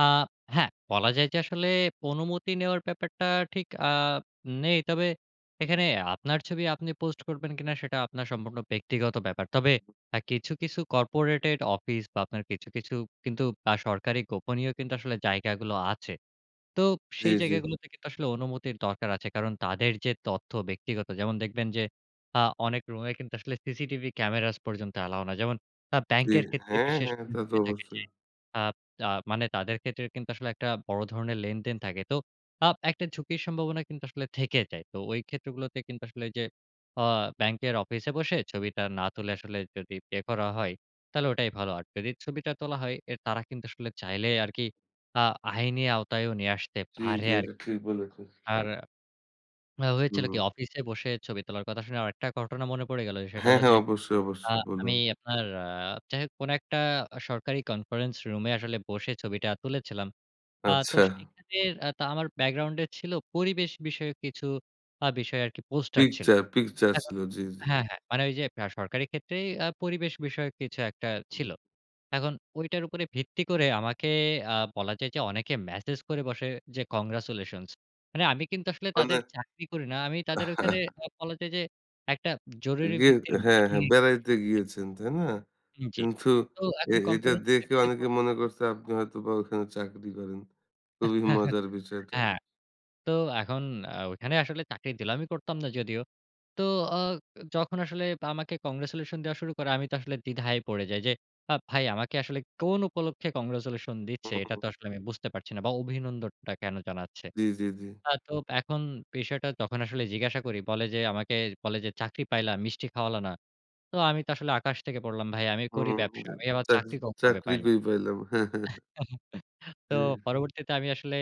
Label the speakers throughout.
Speaker 1: আ হ্যাঁ, বলা যায় যে, আসলে অনুমতি নেওয়ার ব্যাপারটা ঠিক আ নেই। তবে এখানে আপনার ছবি আপনি পোস্ট করবেন কিনা? সেটা আপনার সম্পূর্ণ ব্যক্তিগত ব্যাপার। তবে আ কিছু, কিছু, কর্পোরেটেড অফিস বা আপনার কিছু, কিছু, কিন্তু আ সরকারি গোপনীয় কিন্তু আসলে জায়গাগুলো আছে। তো
Speaker 2: জি,
Speaker 1: সেই
Speaker 2: জি।
Speaker 1: জায়গা গুলোতে কিন্তু আসলে অনুমতির দরকার আছে। কারণ তাদের যে তথ্য ব্যক্তিগত যেমন দেখবেন যে আ অনেক রুমে কিন্তু আসলে সিসিটিভি ক্যামেরাস পর্যন্ত অ্যালাও না। যেমন আ
Speaker 2: জি
Speaker 1: ব্যাংকের ক্ষেত্রে
Speaker 2: হ্যাঁ,
Speaker 1: বিশেষ
Speaker 2: হ্যাঁ, তা তো
Speaker 1: [unintelligible] থাকে যে
Speaker 2: অবশ্যই।
Speaker 1: আব তা মানে তাদের ক্ষেত্রে কিন্তু আসলে একটা বড় ধরণের লেনদেন থাকে। তো আ একটা ঝুঁকির সম্ভাবনা কিন্তু আসলে থেকে যায়। তো ওই ক্ষেত্রগুলোতে কিন্তু আসলে ওই যে আ ব্যাংকের অফিসে বসে ছবিটা না তুলে আসলে যদি পে করা হয়। তাহলে ওটাই ভালো। আর টেরির ছবিটা তোলা হয় এ তারা কিন্তু আসলে চাইলে আরকি আ আইনি আওতায় নিয়ে আসতে
Speaker 2: জি,
Speaker 1: পারে
Speaker 2: জি, এটা
Speaker 1: আরকি।
Speaker 2: ঠিক বলেছেন।
Speaker 1: আরা হয়েছিল কি
Speaker 2: হুম।
Speaker 1: অফিসে বসে ছবি তোলার কথা শুনে আরেকটা ঘটনা মনে পড়ে গেল। সেটা
Speaker 2: হ্যাঁ,
Speaker 1: হল
Speaker 2: হ্যাঁ,
Speaker 1: যে
Speaker 2: অবশ্যই,
Speaker 1: আ
Speaker 2: অবশ্যই,
Speaker 1: আমি
Speaker 2: বলুন।
Speaker 1: আপনার আ যাইহোক কোন একটা আ সরকারি কনফারেন্স রুমে আসলে বসে ছবিটা তুলেছিলাম। আ তো
Speaker 2: আচ্ছা।
Speaker 1: সেখানের আ তা আমার ব্যাকগ্রাউন্ডে ছিল পরিবেশ বিষয়ে কিছু আ বিষয়ে আরকি পোস্টার ছিল।
Speaker 2: পিকচার, পিকচার,
Speaker 1: এখন,
Speaker 2: ছিল জি, জি।
Speaker 1: হ্যাঁ, হ্যাঁ, মানে ওই যে আ সরকারি ক্ষেত্রেই আ পরিবেশ বিষয়ক কিছু একটা
Speaker 2: হুম।
Speaker 1: ছিল। এখন ওইটার উপরে ভিত্তি করে আমাকে আ বলা যায় যে অনেকে ম্যাসেজ করে বসে যে congratulations মানে আমি কিন্তু আসলে
Speaker 2: মানে।
Speaker 1: তাদের চাকরি করি না। আমি তাদের ওখানে বলা যায় যে, একটা জরুরি
Speaker 2: গে
Speaker 1: ভিত্তির
Speaker 2: হ্যাঁ,
Speaker 1: মিটিং
Speaker 2: হ্যাঁ,
Speaker 1: এ
Speaker 2: বেড়াইতে
Speaker 1: [unintelligible]
Speaker 2: গিয়েছেন, তাই না?
Speaker 1: হুম জি,
Speaker 2: কিন্তু
Speaker 1: তো
Speaker 2: এ
Speaker 1: এখন
Speaker 2: এটা
Speaker 1: কনফারেন্স
Speaker 2: দেখে
Speaker 1: টেবল এ
Speaker 2: অনেকে
Speaker 1: বসে
Speaker 2: মনে
Speaker 1: [unintelligible]
Speaker 2: করছে আপনি হয়তো ওখানে চাকরি করেন, খুবই মজার বিষয়টা
Speaker 1: হ্যাঁ। তো এখন আ ওইখানে আসলে তাকে ডিলামি করতাম না যদিও। তো আ যখন আসলে আমাকে congratulation দেয়া শুরু করে আমি তো আসলে দ্বিধায় পড়ে। যাই যে আ ভাই আমাকে আসলে কোন উপলক্ষে কংগ্রাচুলেশন দিচ্ছে
Speaker 2: হুম,
Speaker 1: এটা
Speaker 2: হুম।
Speaker 1: তো আসলে আমি বুঝতে পারছি না। বা অভিনন্দনটা কেন জানাচ্ছে?
Speaker 2: জি, জি, জি।
Speaker 1: আ তো এখন বিষয়টা তখন আসলে জিজ্ঞাসা করি বলে যে আমাকে, বলে যে "চাকরি পাইলাম, মিষ্টি খাওয়ালো না।" তো আমি তো আসলে আকাশ থেকে পড়লাম ভাই আমি করি
Speaker 2: হুম
Speaker 1: ব্যবসা।
Speaker 2: গা
Speaker 1: আমি আবার
Speaker 2: চা
Speaker 1: চাকরি ক কবে
Speaker 2: চাকরি
Speaker 1: পাইলাম।
Speaker 2: কই পাইলাম
Speaker 1: তো
Speaker 2: জি।
Speaker 1: পরবর্তীতে আমি আসলে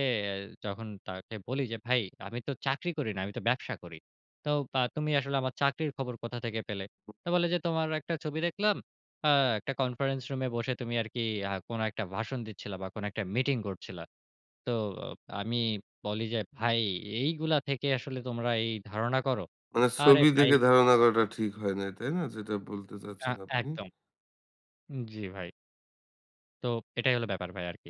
Speaker 1: যখন তাকে বলি যে, "ভাই আমি তো চাকরি করি না, আমি তো ব্যবসা করি। তো তা তুমি আসলে আমার চাকরির খবর কোথা থেকে পেলে?"
Speaker 2: হুম।
Speaker 1: তো বলে যে "তোমার একটা ছবি দেখলাম। আ একটা কনফারেন্স রুমে বসে তুমি আরকি আ কোন একটা ভাষণ দিচ্ছিলা বা কোন একটা মিটিং করছিলা।" তো ও আমি বলি যে "ভাই এইগুলা থেকে আসলে তোমরা এই ধারণা করো?"
Speaker 2: মানে
Speaker 1: আরে
Speaker 2: ছবি
Speaker 1: ভাই
Speaker 2: দেখে ধারণা
Speaker 1: [unintelligible]
Speaker 2: করাটা ঠিক হয় নাই? তাই না যেটা বলতে
Speaker 1: আ
Speaker 2: চাচ্ছেন আপনি?
Speaker 1: একদম। জি ভাই। তো এটাই হলো ব্যাপার ভাই আরকি।